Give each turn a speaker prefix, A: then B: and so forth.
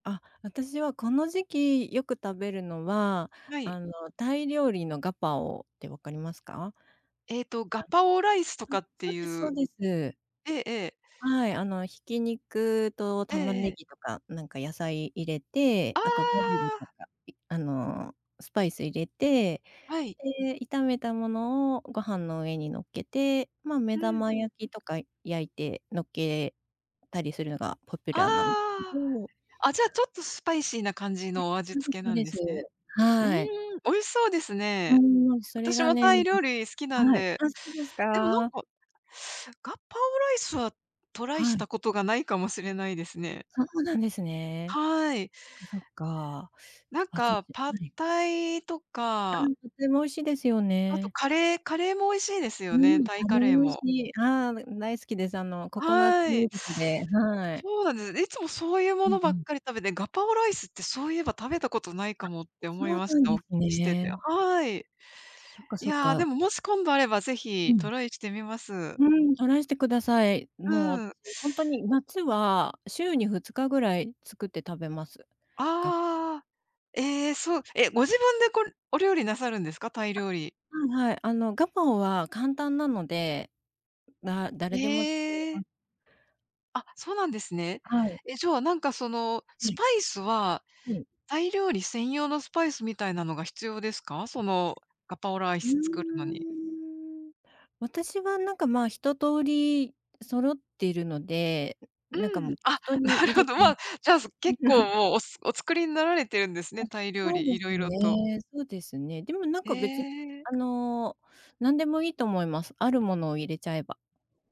A: あ、私はこの時期よく食べるのは、
B: はい。
A: あのタイ料理のガパオってわかりますか？
B: ええと、ガ
A: あ、
B: パオライスと
A: うん、
B: かって
A: そう
B: い
A: ですそう
B: う
A: です。
B: ええええ。
A: はい、あの挽き肉と
B: え
A: 玉
B: ええ
A: ね
B: え。
A: ぎとか、なんか野菜入れて、
B: あ
A: あとバジルと
B: あ。
A: かあのスパイス入れて、
B: はい。
A: で、炒めたものをご飯の上に乗っけて、まあ目
B: うん
A: 玉
B: うん。
A: 焼きとか焼いて乗っけたりするのがポピュ
B: あ
A: ラーなんですけど。
B: あ。あ、じゃ、ちょっとスパイシーな感じ
A: え、
B: の味付け
A: そう
B: なん
A: です
B: です
A: そうで
B: ね。
A: す。
B: うーん、
A: はい。
B: 美味しそうですね。
A: うん、それ
B: 私
A: が
B: も
A: ね、
B: タイ料
A: [unintelligible]
B: 理好きなん
A: はい。
B: で。
A: あ、そうです
B: でもなん
A: か。
B: か、ガパオライスはトライ
A: は
B: し
A: い。
B: たことがないかもしれないですね。
A: そうなんですね。
B: はい。
A: そっかそっか。
B: なん
A: あと
B: かパッ
A: [unintelligible]
B: タイと
A: う
B: か。
A: ん、とても美味しいですよ
B: あと
A: ね。
B: カレー、カレーも美味しいですよね、
A: うん、
B: タイ
A: あ
B: カ
A: れ
B: レー
A: も美味し
B: も。
A: い。ああ、む、大好きです。あのココナッツ
B: はい。
A: ミルクではい。
B: そうなんですね。いつもそういう
A: う
B: も
A: ん
B: の
A: う
B: ばっ
A: ん。
B: かり食べて、ガパオライスって、そういえば食べたことないか
A: あ、
B: もって
A: そ
B: 思い
A: う
B: まし
A: なん
B: た。
A: で
B: お聞
A: す
B: きしてて。
A: ね。
B: はい。
A: そっか
B: い
A: そっ
B: や、で
A: か。
B: ももし今度あればぜ
A: う
B: ひト
A: ん。
B: ライしてみます。
A: うん、トライしてください。もう
B: うん。
A: 私ほんとに夏は週に2日ぐらい作って食べます。ガ
B: ああ、ええ、そうえ、ご自分でこれお料理なさるんですか、タイ料理？
A: あ、はいはい。あのガパオは簡単なので、だ誰でも作れ
B: へ
A: ま
B: え。
A: す。
B: あ、そうなんですね。
A: はい。
B: え、じゃ、なんかその
A: は
B: ス
A: い。
B: パイスは、
A: はい。
B: タイ料理専用のスパイスみたいなのが必要ですか、そのガパオライ
A: う
B: ス作るのに？
A: ーん。私はなんかまあ、一通り揃ってるので、なんか
B: う
A: も
B: ん。
A: う
B: あ、
A: 適当に
B: なる
A: 入
B: ほ
A: れ
B: ど。
A: う
B: ま
A: ん。
B: あ、じゃあ、結構もうおすお作りになられてるんですね、
A: あ、
B: タイ料
A: そう
B: 理、
A: です
B: 色々と。
A: ね。そうですね。でもなん
B: へ
A: か別に、
B: え。
A: あの、何でもいいと思います。ある物を入れちゃえば。